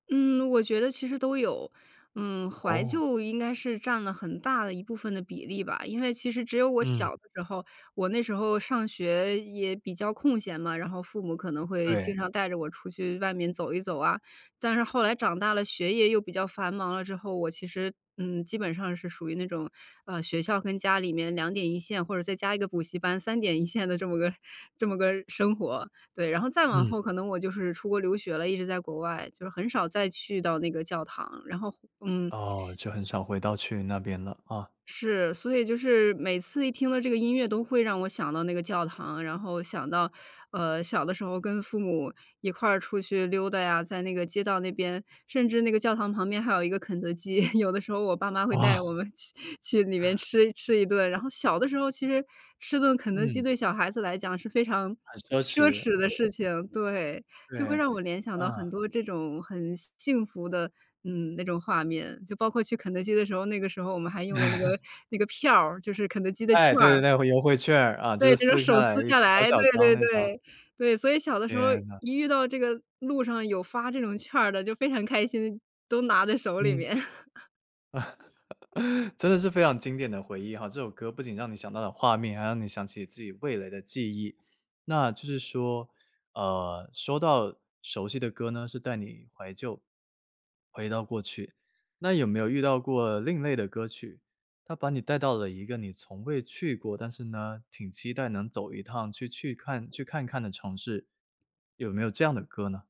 嗯，我觉得其实都有。嗯，怀哦。旧应该是占了很大的一部分的比例吧，因为其实只有我嗯。小的时候，我那时候上学也比较空闲嘛，然后父母可能会对。经常带着我出去外面走一走啊。但是后来长大了，学业又比较繁忙了之后，我其实嗯，基本上是属于那种呃，学校跟家里面两点一线，或者再加一个补习班，三点一线的这么个这么个生活，对。然后再往嗯。后可能我就是出国留学了，一直在国外，就是很少再去到那个教堂，然后回嗯。哦，就很少回到去那边了，啊。是，所以就是，每次一听到这个音乐都会让我想到那个教堂，然后想到呃，小的时候跟父母一块儿出去溜达呀，在那个街道那边，甚至那个教堂旁边还有一个肯德基。有的时候我爸妈会带哇。着我们去去里面 吃一吃一顿。然后小的时候，其实吃顿肯德基嗯。对小孩子来讲是非常很奢奢侈，侈的事对。情，对。就会对，让我联想到很嗯。多这种很幸福的，嗯，那种画面。就包括去肯德基的时候，那个时候我们还用的那个 那个票儿，就是肯德基的哎，券对对对，儿。那会优惠券儿啊，就是对，就用撕开手来撕下小来，小对张对那张。对。对，所以小的时候天呐。一遇到这个路上有发这种券儿的，就非常开心，都拿在手里嗯。面。真的是非常经典的回忆吼，这首歌不仅让你想到了画面，还让你想起你自己味蕾的记忆。那就是说，呃，说到熟悉的歌呢，是带你怀旧，回到过去。那有没有遇到过另类的歌曲，它把你带到了一个你从未去过，但是呢，挺期待能走一趟，去去看去看看的城市。有没有这样的歌呢？